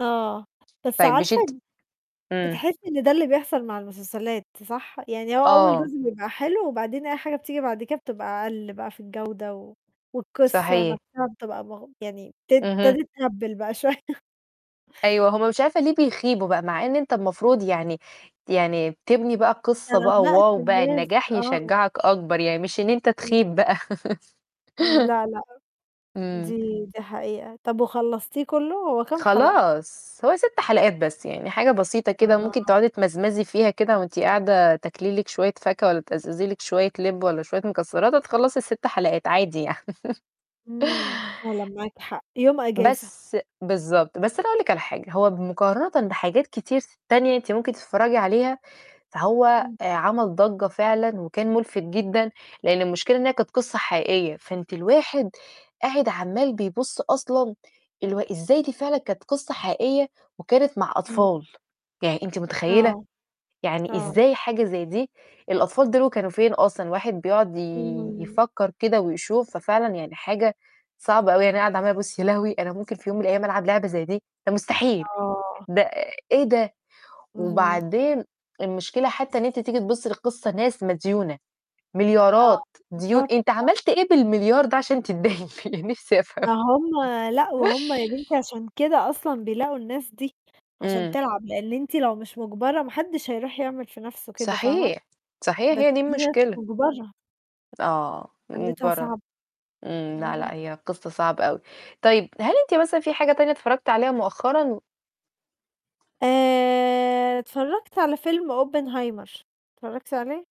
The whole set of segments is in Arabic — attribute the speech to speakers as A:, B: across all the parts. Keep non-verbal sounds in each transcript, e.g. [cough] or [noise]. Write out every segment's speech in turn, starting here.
A: آه، بس
B: طيب مش
A: عارفة
B: أنتِ امم.
A: بتحسّي إن ده اللي بيحصل مع المسلسلات، صح؟ يعني هو أول
B: آه.
A: جزء بيبقى حلو وبعدين أي حاجة بتيجي بعد كده بتبقى أقل بقى في الجودة، والقصّة
B: صحيح.
A: نفسها بتبقى ما يعني بت
B: اهم.
A: ابتدِت تهبِّل بقى شوية. [laughs]
B: أيوه، هو مش عارفة ليه بيخيبوا بقى، مع إن أنت المفروض يعني يعني تبني بقى القصة
A: أنت
B: بقى،
A: قلقت
B: واو بقى!
A: الناس،
B: النجاح
A: آه.
B: يشجّعك أكبر، يعني مش إن أنت
A: امم. [unintelligible]
B: تخيب بقى.
A: امم،
B: [laughs]
A: لا، لأ،
B: امم.
A: دي دي حقيقة، طَب وخلصتيه كُلّه؟ هو كام حلقة؟
B: خلاص هو 6 حلقات بس يعني، حاجة بسيطة كده، ممكن
A: آه.
B: تقعدي تمزمزي فيها كده، وأنتِ قاعدة تاكلي لِك شوية فاكهة، ولا تأزأزي لِك شوية لِبّ والَّا شوية مكسّرات، وتخلّصي ال6 حلقات عادي يعني. [laughs]
A: امم، فعلًا معاكِ حق، يوم إجازة.
B: بس بالضبط، بس أنا أقول لِك على حاجة، هو بمقارنةً بحاجات كتير ت تانية أنتِ ممكن تتفرّجي عليها، فهو
A: امم.
B: آآ، عمل ضَجّة فعلًا وكان مُلفت جدًا، لإن المشكلة إن هي كانت قصّة حقيقية، فأنتِ الواحد قاعد عمّال بيبُصّ أصلًا الو إزاي دي فعلًا كانت قصّة حقيقية وكانت مع
A: امم.
B: أطفال، يعني أنتِ مُتخيّلة؟!
A: آه،
B: يعني
A: آه.
B: إزاي حاجة زي دي؟ الأطفال دول كانوا فين أصلًا؟ الواحد بيقعد
A: امم.
B: ي-يفكر كده ويشوف، ففعلًا يعني حاجة صعبة أوي، يعني أقعدة عمالة أبُصّ يا لهوي! أنا ممكن في يوم من الأيام ألعب لعبة زي دي؟ ده مستحيل!
A: آه.
B: ده إيه ده؟
A: اهم.
B: وبعدين المشكلة حتى إن أنتِ تيجي تبُصّي للقصّة ناس مديونة،
A: آه،
B: مليارات، ديون
A: بالضبط،
B: أنت
A: آه.
B: عملت إيه بال1.000.000.000 ده عشان تتداين بيه نفسي أفهم؟!
A: ما هم لأ، وهم يا بنتي عشان كده أصلًا بيلاقوا الناس دي، عشان
B: إمم.
A: تلعب، لإن أنتِ لو مش مُجبرة محدش هيرُوح يعمل في نفسُه كده، فاهمة؟
B: صحيح، صحيح
A: بس
B: هي دي
A: دي ناس
B: المشكلة.
A: مُجبرة.
B: آه،
A: حالتها
B: مُجبرة
A: صعبة،
B: امم، لأ،
A: أها.
B: لأ، هي قصّة صعبة أوي، طيب هل أنتِ مثلًا في حاجة تانية اتفرّجتِ عليها مؤخرًا؟
A: آآ، اتفرّجت على فيلم Oppenheimer، اتفرّجتِ عليه؟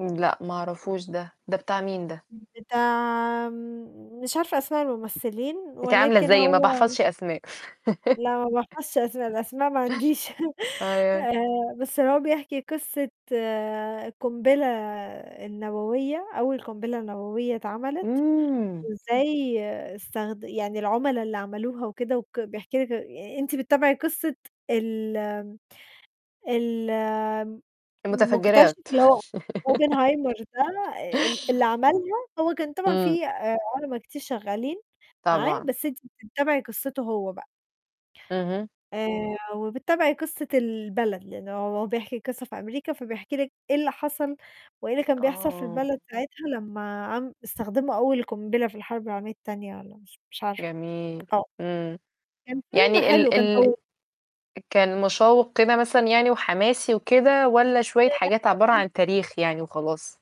B: امم لأ، ما اعرفوش ده، ده بتاع مين ده؟
A: امم، بتاع م مش عارفة أسماء الممثلين،
B: أنتِ عاملة
A: ولكن
B: زيي ما
A: هو
B: باحفظش أسماء.
A: لأ، ما
B: [laughs]
A: باحفظش أسماء، الأسماء ما عنديش، [laughs]
B: آه.
A: آآ، بس هو بيحكي قصّة قُنبلة النووية، أول قُنبلة نووية اتعملِت،
B: إمم.
A: وإزاي استخد يعني العُملا اللي عملوها وكده وك بيحكي لِك آآ، أنتِ بتابعي قصة ال ال
B: الُمتفجّرات.
A: مُكتشِف اللي هو
B: [laughs]
A: Oppenheimer ده آآ، آآ ال اللي عملها، هو كان طبعًا
B: إمم.
A: فيه آآ، عُلَما كتير شغالين معاه،
B: طبعًا.
A: بس أنتِ بتتابعي قصتُه هو بقى.
B: اهم.
A: آآ، وبتتابعي قصة البلد، لأنه هو بيحكي القصّة في أمريكا، فبيحكي لِك إيه اللي حصل، وإيه اللي كان بيحصل في
B: آه.
A: البلد ساعتها، لمّا عم استخدموا أول قُنبلة في الحرب العالمية التانية، والَّا مش مش عارفة، آه،
B: جميل، امم،
A: كان فيلم
B: يعني
A: حلو،
B: ال
A: كان
B: ال
A: طوي
B: كان مُشوّق كده مثلًا يعني وحماسي وكده، والَّا شوية حاجات عبارة عن
A: [unintelligible]
B: تاريخ يعني وخلاص؟